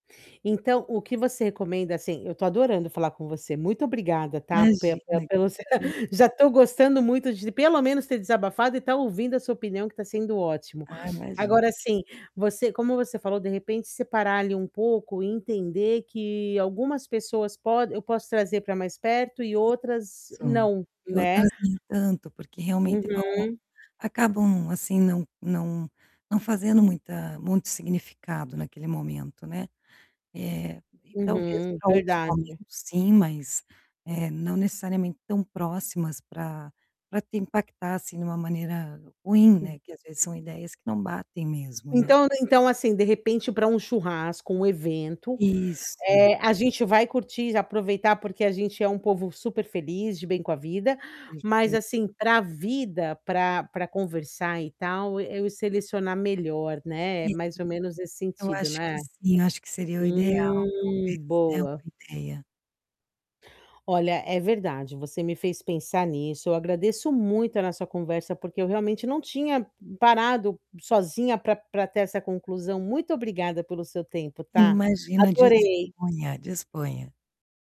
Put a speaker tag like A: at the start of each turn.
A: Então, o que você recomenda, assim. Eu tô adorando falar com você, muito obrigada, tá. Pela pela
B: Imagina,
A: pelo,
B: hum.
A: já estou gostando muito de pelo menos, ter desabafado e estar ouvindo a sua opinião, que tá sendo ótimo.
B: Ah, imagina.
A: Agora, assim, você como você falou, de repente, separar ali um pouco e entender que algumas pessoas pode eu posso trazer para mais perto e outras
B: Só.
A: não, né?
B: [unintelligible] Tanto porque, realmente, vão,
A: Uhum.
B: acabam, assim, não não não fazendo muita muito significado naquele momento, né. Eh, talvez,
A: Uhum,
B: para outros momentos,
A: verdade.
B: sim, mas, eh, não necessariamente tão próximas pra pra te impactar, assim, de uma maneira ruim,
A: Hum.
B: né, que às vezes são ideias que não batem mesmo, né.
A: Então então, assim, de repente, para um churrasco, um evento,
B: Isso.
A: a gente vai curtir, aproveitar, porque a gente é um povo super feliz, de bem com a vida. Mas
B: [unintelligible]
A: assim, pra vida, pra pra conversar e tal, eu ia selecionar melhor, né. É,
B: E,
A: mais ou menos nesse
B: eu
A: sentido,
B: acho que
A: né.
B: sim, eu acho que seria o ideal,
A: Hum,
B: talvez, é uma
A: boa.
B: ideia.
A: Olha, é verdade, você me fez pensar nisso. Eu agradeço muito a nossa conversa, porque eu realmente, não tinha parado sozinha pra pra ter essa conclusão. Muito obrigada pelo seu tempo, tá.
B: Imagina
A: Adorei.
B: disponha, disponha.